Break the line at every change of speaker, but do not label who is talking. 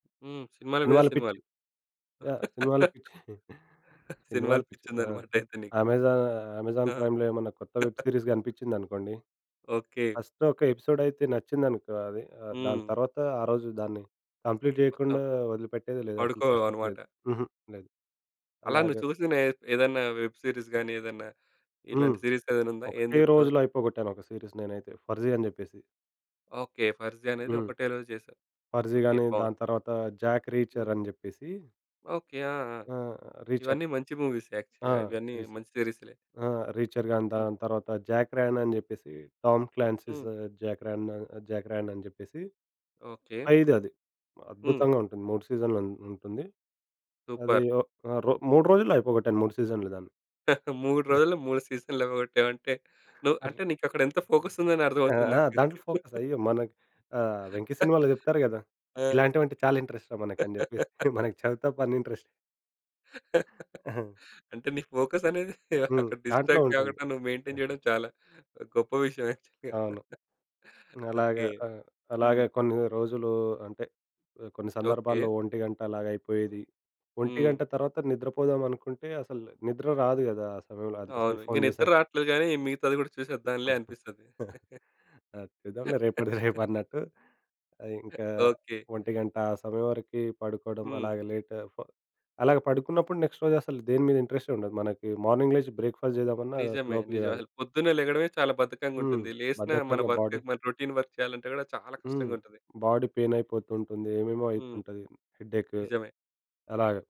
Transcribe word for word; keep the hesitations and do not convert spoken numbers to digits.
హ్మ్. సినిమాల మీద
సినిమాల పిచ్చి
సినిమాలు.
యాహ్! సినిమాలు పిచ్చి సినిమాల
సినిమాలు
పిచ్చి.
పిచ్చి
ఆ!
ఉందన్నమాట అయితే నీకు.
అమెజా అమెజాన్
ఆ!
ప్రైమ్‌లో ఏమన్నా కొత్త వెబ్ సిరీస్ కనిపించిందనుకోండి.
ఓకె.
ఫస్ట్ ఒక ఎపిసోడైతే నచ్చిందనుకో అది. ఆహ్, దాని
హ్మ్.
తర్వాత ఆ రోజు దాన్ని కంప్లీట్
మొత్తం
చేయకుండా ఒదిలిపెట్టేది లేదు. అసలు
పడుకోవు
పరిస్థితి
అన్నమాట.
లేదు. హుహు. లేదు.
అలా
అలాగ
నువ్వు చూసిన ఏ ఏదైనా వెబ్ సీరీస్ గాని ఏదైనా
హ్మ్.
ఇలాంటి సీరీస్ ఏదైనా ఉందా? ఏం
ఒకటే
జెప్తావు?
రోజులో అయిపోగొట్టాను ఒక సీరీస్ నేనైతే. 'ఫర్ జీ' అని జెప్పేసి.
ఓకె. 'ఫర్ జి' అనేది
హ్మ్.
ఒకటే రోజు జెశావు.
'ఫర్ జీ'
ఓకె
గాని
బావుంది.
దాని తర్వాత 'జాక్
హ్మ్.
రీచర్' అని జెప్పేసి
ఓకె. ఆ! ఆ!
ఆహ్, రీచార్.
ఇవన్నీ మంచి మూవీస్
ఆ!
యాక్చువల్‌గా. ఇవన్నీ
సిరీసు
మంచి సీరీస్‌లే.
ఆ! రీచర్ గాని
హ్మ్.
దాని తర్వాత 'జాక్ రాన్' అని జెప్పేసి 'టామ్ క్లాన్సిస్
హ్మ్.
జాక్ రాన్' 'జాక్ రాన్' అని జెప్పేసి,
ఓకె.
ఐదది
హ్మ్.
అద్భుతంగా ఉంటుంది. మూడు సీజన్లు ఉన్ ఉంటుంది. అది
సూపర్.
ఒక్ ఆహ్, రొ మూడు రోజుల్లో అయిపోగొట్టను మూడు సీజన్‌లు దాన్ని.
మూడు రోజులు మూడు సీజన్‌లు అవ్వగొట్టావంటే నువ్వు
అర్
అంటే నీకక్కడ ఎంత ఫోకస్ ఉందో అర్థం
ఆ!
అవుతుంది
ఆ!
నాకు.
దాంట్లో ఫోకస్ అయ్యో! మన ఆహ్, వెంకి సినిమాలో జెప్తారు గదా!
ఆ!
ఇలాంటివంటే చాలా ఇంట్రెస్ట్‌ రా" మనకని చెప్పేసి. మనకి చదువు తప్ప అన్నీ ఇంట్రెస్ట్.
అంటే నీ ఫోకసనేది
హ్మ్.
అక్కడ
దాంట్లో
డిస్ట్రాక్ట్
ఉంటుంది.
కాకుండా నువ్వు మెయింటైన్ చేయడం చాలా గొప్ప విషయం యాక్చువల్‌గా.
అవును. అలాగ
ఓకె.
ఆహ్,
హ్మ్.
అలాగే కొన్ని రోజులు అంటే ఆహ్, కొన్ని
ఓకె.
సందర్భాల్లో ఒంటిగంట అలాగయిపోయేది.
హ్మ్.
ఒంటిగంట తర్వాత నిద్రపోదాం అనుకుంటే అసలు నిద్ర రాదు గదా! అసలు. అంత
అవును.
సేపు
ఇంక
ఫోన్
నిద్ర
చూసాక.
రాట్లేదు గాని మిగతాది కూడా చూసేద్దాంలే అనిపిస్తది.
ఆ చూద్దాం లె రేపటిది రేపన్నట్టు ఆహ్, ఇంకా
ఓకె.
ఒంటి గంట ఆ సమయం వరకి పడుకోవడం
హ్మ్.
అలాగే లేట్ ఫ్ అలాగ పడుకున్నప్పుడు నెక్స్ట్ రోజు అసలు దేని మీద ఇంట్రెస్టే ఉండదు. మనకి మార్నింగ్ లేచి బ్రేక్‌ఫాస్ట్ చేద్దామన్నా అసలు
నిజమే.
ఓపికే
నిజమే.
కాదు.
అసలు పొద్దున్నే లెగడమే చాలా బద్ధకంగా
హ్మ్.
ఉంటుంది. లేసినా మన
బద్ధకంగా
వర్క్
బాడీ
మన రౌటీన్ వర్క్ చేయాలంటే గూడా చాలా
హ్మ్.
కష్టంగా ఉంటుంది.
బాడీ పెయినైపోతుంటుంది. ఏమేమో
హ్మ్.
అయితుంటది. హెడ్‌ఎక్,
నిజమే.
అలాగ.